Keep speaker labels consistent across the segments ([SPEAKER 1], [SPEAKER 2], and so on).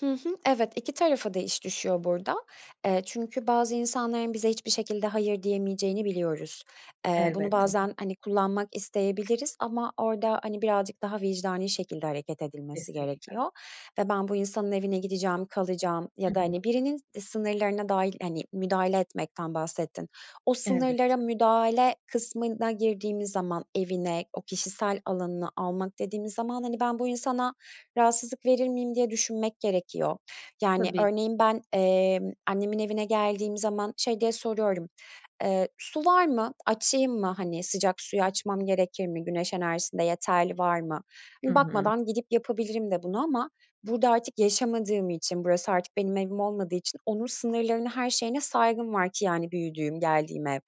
[SPEAKER 1] Hı hı. Evet, 2 tarafa da iş düşüyor burada. Eee, çünkü bazı insanların bize hiçbir şekilde "hayır" diyemeyeceğini biliyoruz. Eee, bunu
[SPEAKER 2] Elbette.
[SPEAKER 1] bazen, hani, kullanmak isteyebiliriz ama orada, hani, birazcık daha vicdani şekilde hareket edilmesi
[SPEAKER 2] Kesinlikle.
[SPEAKER 1] gerekiyor ve ben bu insanın evine gideceğim, kalacağım
[SPEAKER 2] Hı
[SPEAKER 1] ya da,
[SPEAKER 2] hı.
[SPEAKER 1] hani, birinin sınırlarına dâhil hani müdahale etmekten bahsettin. O sınırlara
[SPEAKER 2] Elbette.
[SPEAKER 1] müdahale kısmına girdiğimiz zaman evine, o kişisel alanına almak dediğimiz zaman, hani, "Ben bu insana rahatsızlık verir miyim?" diye düşünmek gerekiyor. Yani
[SPEAKER 2] Tabii ki.
[SPEAKER 1] örneğin ben, emm, annemin evine geldiğim zaman şey diye soruyorum, "Eee, su var mı? Açayım mı, hani, sıcak suyu açmam gerekir mi? Güneş enerjisinde yeterli var mı?"
[SPEAKER 2] Hı
[SPEAKER 1] Hani,
[SPEAKER 2] hı.
[SPEAKER 1] bakmadan gidip yapabilirim de bunu ama burada artık yaşamadığım için, burası artık benim evim olmadığı için onun sınırlarına, her şeyine saygım var ki, yani, büyüdüğüm, geldiğim ev.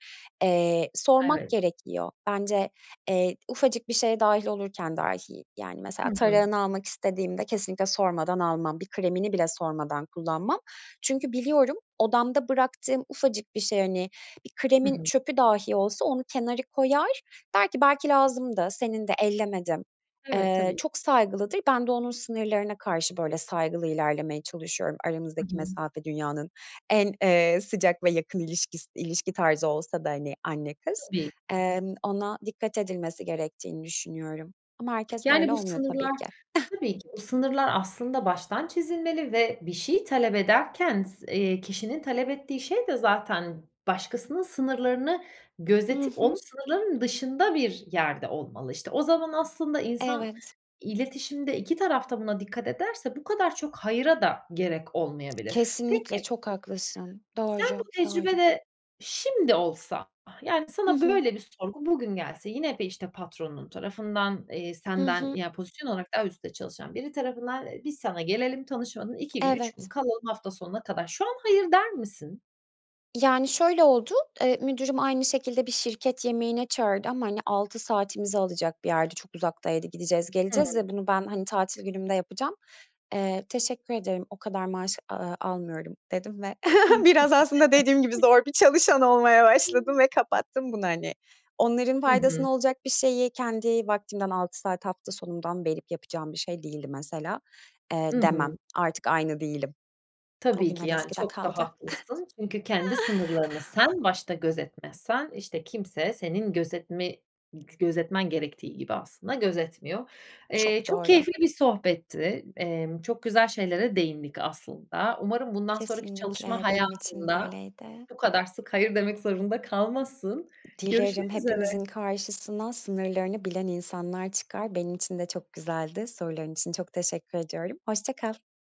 [SPEAKER 1] Eee, sormak
[SPEAKER 2] Evet.
[SPEAKER 1] gerekiyor. Bence, eee, ufacık bir şeye dâhil olurken dahi, yani
[SPEAKER 2] Hı
[SPEAKER 1] mesela
[SPEAKER 2] hı.
[SPEAKER 1] tarağını almak istediğimde kesinlikle sormadan almam, bir kremini bile sormadan kullanmam. Çünkü biliyorum odamda bıraktığım ufacık bir şey, hani, bir
[SPEAKER 2] Hı
[SPEAKER 1] kremin
[SPEAKER 2] hı.
[SPEAKER 1] çöpü dahi olsa onu kenara koyar, der ki "Belki lazımdı, senindi ellemedim."
[SPEAKER 2] Evet,
[SPEAKER 1] Eee,
[SPEAKER 2] tabii.
[SPEAKER 1] çok saygılıdır. Ben de onun sınırlarına karşı böyle saygılı ilerlemeye çalışıyorum.
[SPEAKER 2] Hı
[SPEAKER 1] Aramızdaki
[SPEAKER 2] hı.
[SPEAKER 1] mesafe dünyanın en, eee, sıcak ve yakın ilişkis ilişki tarzı olsa da hani anne-kız.
[SPEAKER 2] Tabii.
[SPEAKER 1] Emm, ona dikkat edilmesi gerektiğini düşünüyorum. Ama herkes
[SPEAKER 2] Yani,
[SPEAKER 1] böyle
[SPEAKER 2] bu
[SPEAKER 1] olmuyor tabii
[SPEAKER 2] sınırlar
[SPEAKER 1] ki.
[SPEAKER 2] Tabii ki. Bu sınırlar aslında baştan çizilmeli ve bir şey talep ederken s eee, kişinin talep ettiği şey de zaten başkasının sınırlarını
[SPEAKER 1] I
[SPEAKER 2] gözetip o
[SPEAKER 1] hı.
[SPEAKER 2] sınırların dışında bir yerde olmalı. İşte, o zaman aslında insan
[SPEAKER 1] Evet.
[SPEAKER 2] iletişimde 2 taraf da buna dikkat ederse bu kadar çok "hayır"a da gerek olmayabilir.
[SPEAKER 1] Kesinlikle,
[SPEAKER 2] Peki
[SPEAKER 1] çok haklısın.
[SPEAKER 2] Sen bu
[SPEAKER 1] Doğru, doğru.
[SPEAKER 2] tecrübede şimdi olsa ah, yani,
[SPEAKER 1] Hı
[SPEAKER 2] sana
[SPEAKER 1] hı.
[SPEAKER 2] böyle bir sorgu bugün gelse yine de, işte, patronun tarafından, eee,
[SPEAKER 1] Hı
[SPEAKER 2] senden,
[SPEAKER 1] hı.
[SPEAKER 2] yani, pozisyon olarak daha üstte çalışan biri tarafından, eee, "Biz sana gelelim tanışmadan 2 gün 3 gün
[SPEAKER 1] Evet.
[SPEAKER 2] kalalım hafta sonuna kadar." Şu an "hayır" der misin?
[SPEAKER 1] Yani, şöyle oldu: Eee, müdürüm aynı şekilde bir şirket yemeğine çağırdı ama hani 6 saatimizi alacak bir yerdi, çok uzaktaydı, gideceğiz,
[SPEAKER 2] Hıı.
[SPEAKER 1] geleceğiz ve bunu ben, hani, tatil günümde yapacağım. "Eee, teşekkür ederim, o kadar maaş, aaa, almıyorum." dedim ve biraz aslında dediğim gibi zor bir çalışan olmaya başladım ve kapattım bunu hani. Onların
[SPEAKER 2] Hı hı.
[SPEAKER 1] faydasına olacak bir şeyi kendi vaktimden 6 saat hafta sonundan verip yapacağım bir şey değildi mesela Eee,
[SPEAKER 2] I
[SPEAKER 1] demem.
[SPEAKER 2] hı.
[SPEAKER 1] Artık aynı değilim. O
[SPEAKER 2] Tabii ki,
[SPEAKER 1] günler
[SPEAKER 2] yani,
[SPEAKER 1] eskide
[SPEAKER 2] çok da
[SPEAKER 1] kaldı.
[SPEAKER 2] haklısın. Çünkü kendi sınırlarını sen başta gözetmezsen, işte, kimse senin gözetme gözetmen gerektiği gibi aslında gözetmiyor. Eee,
[SPEAKER 1] Çok
[SPEAKER 2] çok
[SPEAKER 1] doğru.
[SPEAKER 2] keyifli bir sohbetti. Emm, çok güzel şeylere değindik aslında. Umarım bundan sonraki çalışma
[SPEAKER 1] Kesinlikle, benim için de
[SPEAKER 2] hayatında
[SPEAKER 1] öyleydi.
[SPEAKER 2] bu kadar sık "hayır" demek zorunda kalmazsın. Görüşmek
[SPEAKER 1] Dilerim, hepimizin
[SPEAKER 2] üzere.
[SPEAKER 1] karşısına sınırlarını bilen insanlar çıkar. Benim için de çok güzeldi. Soruların için çok teşekkür ediyorum. Hoşça kal.